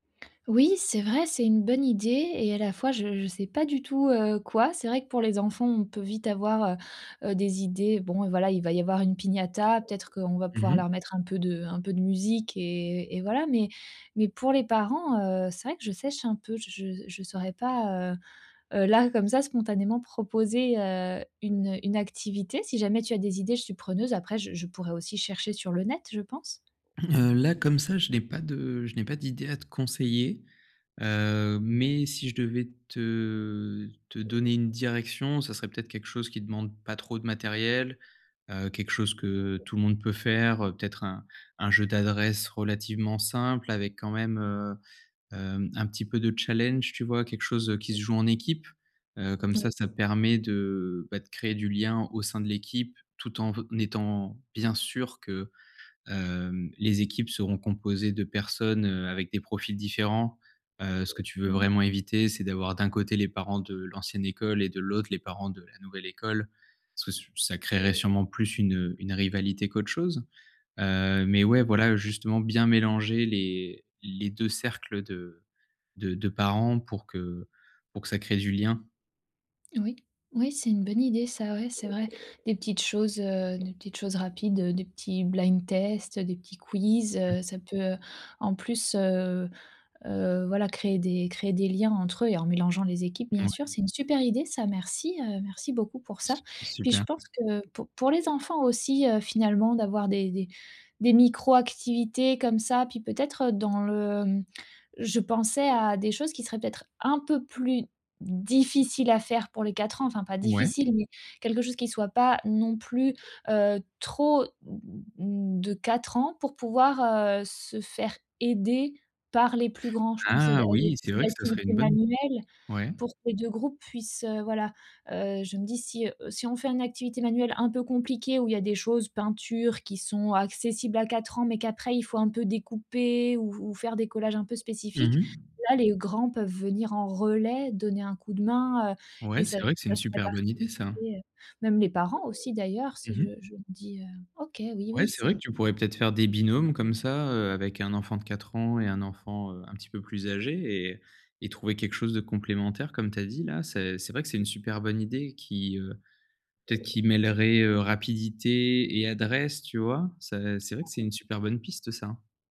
Oui, c'est vrai, c'est une bonne idée et à la fois, je je sais pas du tout, heu, quoi. C'est vrai que pour les enfants, on peut vite avoir, heu heu, des idées, bon, voilà, il va y avoir une piñata, peut-être qu'on va Mmh pouvoir mh. leur mettre un peu de un peu de musique et et voilà mais mais pour les parents, heu, c'est vrai que je sèche un peu. Je je je saurais pas, heu heu, là, comme ça, spontanément, proposer, heu, une, heu, une activité. Si jamais tu as des idées, je suis preneuse après je je pourrais aussi chercher sur le net, je pense. Heu, là, comme ça, je n'ai pas de je n'ai pas d'idées à te conseiller, heu, mais si je devais te te donner une direction, ça serait peut-être quelque chose qui demande pas trop de matériel, heu, quelque chose que tout le monde peut faire, heu, peut-être un un jeu d'adresse relativement simple avec quand même, heu, hem, un petit peu de challenge, tu vois? Quelque chose, heu, qui se joue en équipe, heu, comme ça, Oui. ça permet de, bah, de créer du lien au sein de l'équipe tout en étant bien sûr que, hem, les équipes seront composées de personnes, heu, avec des profils différents, heu, ce que tu veux Oui. vraiment éviter c'est d'avoir d'un côté les parents de l'ancienne école et de l'autre les parents de la nouvelle école. Sous ça créerait sûrement plus une, heu, une rivalité qu'autre chose, heu, mais ouais, voilà, justement, bien mélanger les les 2 cercles de de de parents pour que pour que ça crée du lien. Oui, oui, c'est une bonne idée, ça. Ouais, c'est vrai. Des petites choses, heu, des petites choses rapides, heu, des petits blind tests, heu, des petits quiz, heu, ça peut en plus, heu heu, voilà, créer des créer des liens entre eux et en mélangeant les équipes, bien sûr. Mouais. C'est une super idée ça, merci, heu, merci beaucoup pour ça, Su puis je super! pense que pour pour les enfants aussi, heu, finalement d'avoir des des des micro activités comme ça, puis peut-être, heu, dans le, hem, je pensais à des choses qui seraient peut-être un peu plus difficiles à faire pour les 4 ans, enfin pas Ouais. difficiles mais quelque chose qui soit pas non plus, heu, trop, de 4 ans pour pouvoir, heu, se faire aider par les plus grands. Je pensais de Ah à oui! des C'est vrai que ça serait activités une bonne manuelles ouais. pour que 2 groupes puissent, heu, voilà, heu, je me dis si, heu: «Si on fait un activité manuelle un peu compliquée où il y a des choses, peinture, qui sont accessibles à 4 ans, mais qu'après il faut un peu découper ou ou faire des collages un peu Mmh spécifiques. mh. Là, les grands peuvent venir en relais donner un coup de main», heu, et Ouais, ça c'est vrai que c'est ça une ferait super bonne idée participer, ça. heu, même les parents aussi, d'ailleurs, si Mmh je mh. je me dis, heu OK, oui, oui, Ouais, c'est vrai c'est que tu pourrais, peut-être, faire des binômes comme ça, heu, avec un enfant de 4 ans et un enfant, heu, un petit peu plus âgé et et trouver quelque chose de complémentaire comme tu as dit, là. C'est c'est vrai que c'est une super bonne idée qui, heu, peut-être qui mêlerait rapidité et adresse, tu vois? Ça c'est vrai que c'est [unintelligible] une super bonne piste, ça, hein.